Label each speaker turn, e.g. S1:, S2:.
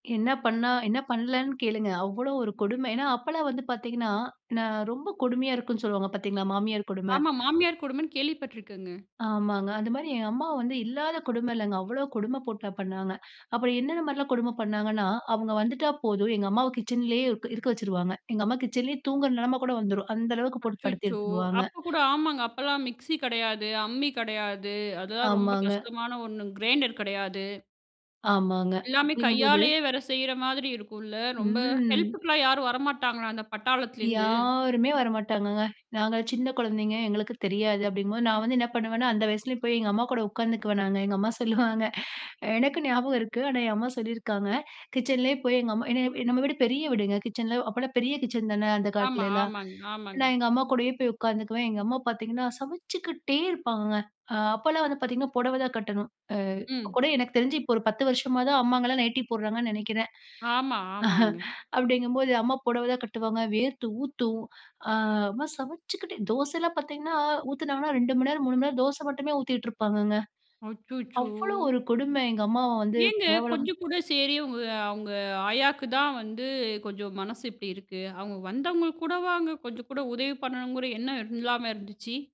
S1: என்ன பண்ணா, என்ன பண்ணலன்னு கேளுங்க. அவ்ளோ ஒரு கொடுமை. ஏன்னா, அப்பல்லாம் வந்து பார்த்தீங்கன்னா, நான் ரொம்ப கொடுமையா இருக்குன்னு சொல்லுவாங்க பார்த்தீங்களா? மாமியார் கொடும.
S2: ஆமா. மாமியார் கொடுமன்னு கேள்விப்பட்டுருக்கங்க.
S1: ஆமாங்க. அந்தமாரி எங்க அம்மா வந்து இல்லாத கொடும இல்லங்க. அவ்ளோ கொடும போட்டா பண்ணாங்க. அப்புறம் என்னென்ன மாரிலாம் கொடும பண்ணாங்கன்னா, அவுங்க வந்துட்டா போதும் எங்க அம்மாவ கிட்சன்லயே இரு இருக்க வச்சிருவாங்க. எங்க அம்மா கிட்சன்லேயே தூங்குற நிலைம கூட வந்துரும். அந்த அளவுக்கு போட்டு படுத்தி
S2: அச்சச்சோ!
S1: எடுத்துருவாங்க.
S2: அப்போ கூட ஆமாங்க, அப்பல்லாம் மிக்ஸி கிடையாது, அம்மி கிடையாது. அதுலாம் ரொம்ப
S1: ஆமாங்க.
S2: கஷ்டமான 1 கிரைண்டர் கிடையாது.
S1: ஆமாங்க.
S2: எல்லாமே
S1: அப்பிடிங்கம்போது
S2: கையாலேயே வேற செய்ற மாதிரி இருக்கும்ல ரொம்ப.
S1: ம்.
S2: ஹெல்ப்புக்குலாம் யாரும் வரமாட்டாங்களா? அந்த பட்டாளத்துலருந்து?
S1: யாருமே வரமாட்டாங்கங்க. நாங்க சின்ன குழந்தைங்க எங்களுக்கு தெரியாது, அப்பிடிங்கம்போது, நான் வந்து என்ன பண்ணுவேன்னா, அந்த வயசுலேயும் போய் எங்க அம்மா கூட உட்காந்துக்குவேன் நாங்க. எங்க அம்மா சொல்லுவாங்க, அ எனக்கு ஞாபகம் இருக்கு. ஆனா எங்க அம்மா சொல்லியிருக்காங்க, கிச்சன்லே போய், எங்க அம்மா என்ன இப்பிடி நம்ம வீடு பெரிய வீடுங்க கிச்சன்ல அப்பல்லாம் பெரிய கிச்சன் தான! அந்த
S2: ஆமா.
S1: காலத்துலலாம்.
S2: ஆமாங்க. ஆமாங்க.
S1: நான் எங்க அம்மா கூடயே போய் உட்காந்துக்குவேன். எங்க அம்மா பார்த்தீங்கன்னா, சமைச்சுக்கிட்டே இருப்பாங்கங்க. அ அப்பல்லாம் வந்து பார்த்தீங்கன்னா புடவ தான் கட்டணும். அ அப்ப
S2: ம்.
S1: கூட எனக்கு தெரிஞ்சு இப்போ ஒரு 10 வருஷமா தான் அம்மாங்கலாம் நைட்டி போட்றாங்கன்னு நினைக்குறேன்.
S2: ஆமா, ஆமாங்க.
S1: அப்படிங்கம்போது அம்மா புடவ தான் கட்டுவாங்க. வேர்த்து ஊத்தும். ஆ அம்மா சமைச்சுக்கிட்டு தோசை எல்லாம் பார்த்தீங்கன்னா ஊத்துனாங்கன்னா 2:00 மணி நேரம், 3:00 மணி நேரம் தோச மட்டுமே ஊத்திட்டு இருப்பாங்கங்க.
S2: அச்சச்சோ!
S1: அவ்ளோ ஒரு கொடும எங்க அம்மாவ வந்து
S2: ஏங்க
S1: கேவலம்
S2: கொஞ்சம் கூட சரி அவுங்க அவுங்க ஆயாக்கு தான் வந்து கொஞ்சம் மனசு இப்பிடி இருக்கு. அவுங்க வந்தவங்களுக்கு கூட வாங்க கொஞ்சம் கூட உதவி பண்ணணுங்குற எண்ணம் இல்லாம இருந்துச்சு?